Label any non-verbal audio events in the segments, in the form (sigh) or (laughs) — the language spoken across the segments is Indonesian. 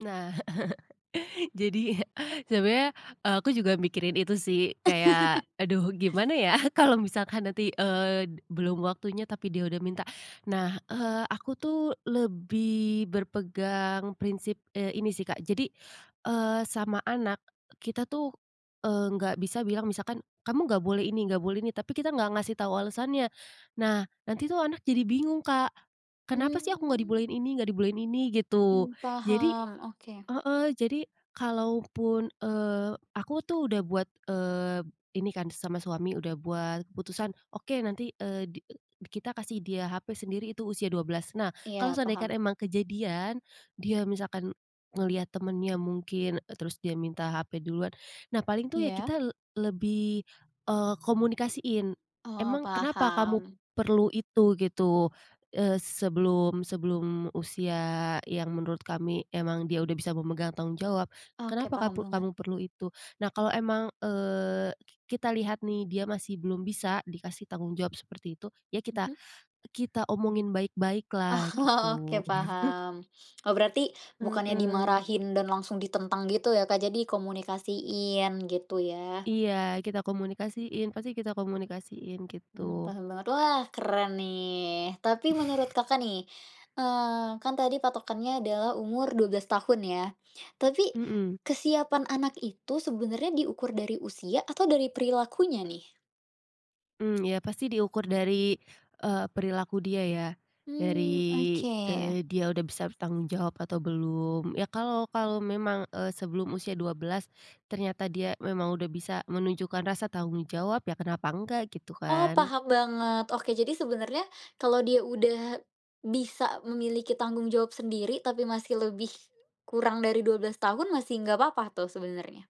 Nah. (laughs) Jadi, (chuckles) sebenarnya aku juga mikirin itu sih, kayak, "Aduh gimana (laughs) ya kalau misalkan nanti, eee, belum waktunya tapi dia udah minta." Nah, eee, aku tuh lebih berpegang prinsip, eee, ini sih, Kak. Jadi, eee, sama anak, kita tuh, eee, enggak bisa bilang misalkan, "Kamu enggak boleh ini, enggak boleh ini," tapi kita enggak ngasih tau alasannya. Nah, nanti tuh anak jadi bingung, Kak. "Kenapa sih aku enggak Mmm. dibolehin ini, enggak dibolehin ini," gitu. Mmm, Jadi paham, oke. heeh, jadi, kalaupun, eee, aku tuh udah buat, eee, ini kan sama suami udah buat keputusan, "Oke nanti, eee, di, e kita kasih dia HP sendiri itu usia 12. Nah, kalau Iya, seandaikan paham. emang kejadian, dia misalkan ngelihat temennya mungkin, terus dia minta HP duluan, nah paling tuh ya Iya. kita lebih komunikasiin. Oh, "Emang kenapa kamu paham. perlu itu?" gitu, eee, sebelum, sebelum usia yang menurut kami emang dia udah bisa memegang tanggung jawab, Oke, "Kenapa paham kapu banget. kamu perlu itu?" Nah, kalau emang, eee, kita lihat nih dia masih belum bisa dikasih tanggung jawab seperti itu, ya kita, Mhm. kita omongin baik-baik lah, Oh, oke gitu. paham. Eee, berarti bukannya Heeh. dimarahin dan langsung ditentang gitu ya, Kak, jadi komunikasiin gitu ya. Iya. Kita komunikasiin, pasti kita komunikasiin Mmm, gitu. paham banget. Wah keren nih. Tapi menurut, Kakak nih, eee, kan tadi patokannya adalah umur 12 tahun ya. Tapi Mhm. kesiapan anak itu, sebenarnya diukur dari usia atau dari perilakunya nih? Mmm, ya, pasti diukur dari, eee, perilaku dia ya. Mmm, Dari, oke. eee, dia udah bisa bertanggung jawab atau belum. Ya kalau, kalau memang, eee, sebelum usia 12, ternyata dia memang udah bisa menunjukkan rasa tanggung jawab, ya kenapa enggak, gitu Oh, kan. paham banget. Oke, jadi sebenarnya, kalau dia udah bisa memiliki tanggung jawab sendiri tapi masih lebih kurang dari 12 tahun masih enggak apa-apa tuh sebenarnya?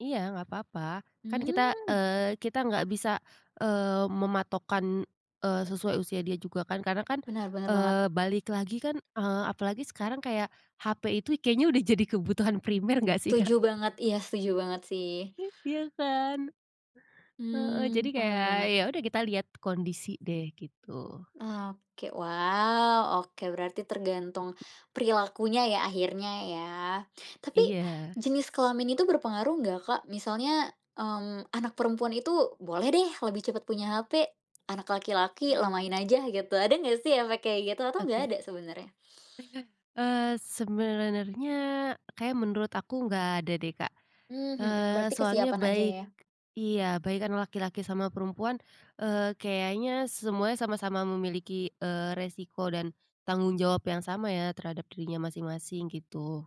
Iya enggak apa-apa. Kan kita, Mmm. eee, kita enggak bisa, eee, mematokkan, eee, sesuai usia dia juga kan. Karena kan, Benar benar banget. eee, balik lagi kan, eee, apalagi sekarang kayak HP itu kayaknya udah jadi kebutuhan primer enggak sih, Kak? Setuju banget. Iya, setuju banget sih. (chuckles) Iya kan. Heeh. Jadi Mmm, paham kayak banget. ya udah kita lihat kondisi deh, gitu. Oke, wow, oke berarti tergantung perilakunya ya akhirnya ya. Tapi, Iya. jenis kelamin itu berpengaruh enggak, Kak? Misalnya, mmm, anak perempuan itu boleh deh lebih cepet punya HP, anak laki-laki, lamain Mmm. aja, gitu. Ada enggak sih efek kayak gitu? Atau enggak Oke. ada sebenarnya? (chuckles) Eee ,sebenernya, kayaknya menurut aku enggak ada deh, Kak. Mmm, mhm. Eee, Berarti soalnya kesiapan aja baik ya? iya baik kan laki-laki sama perempuan, eee, kayaknya semuanya sama-sama memiliki, eee, resiko dan tanggung jawab yang sama ya, terhadap dirinya masing-masing, gitu.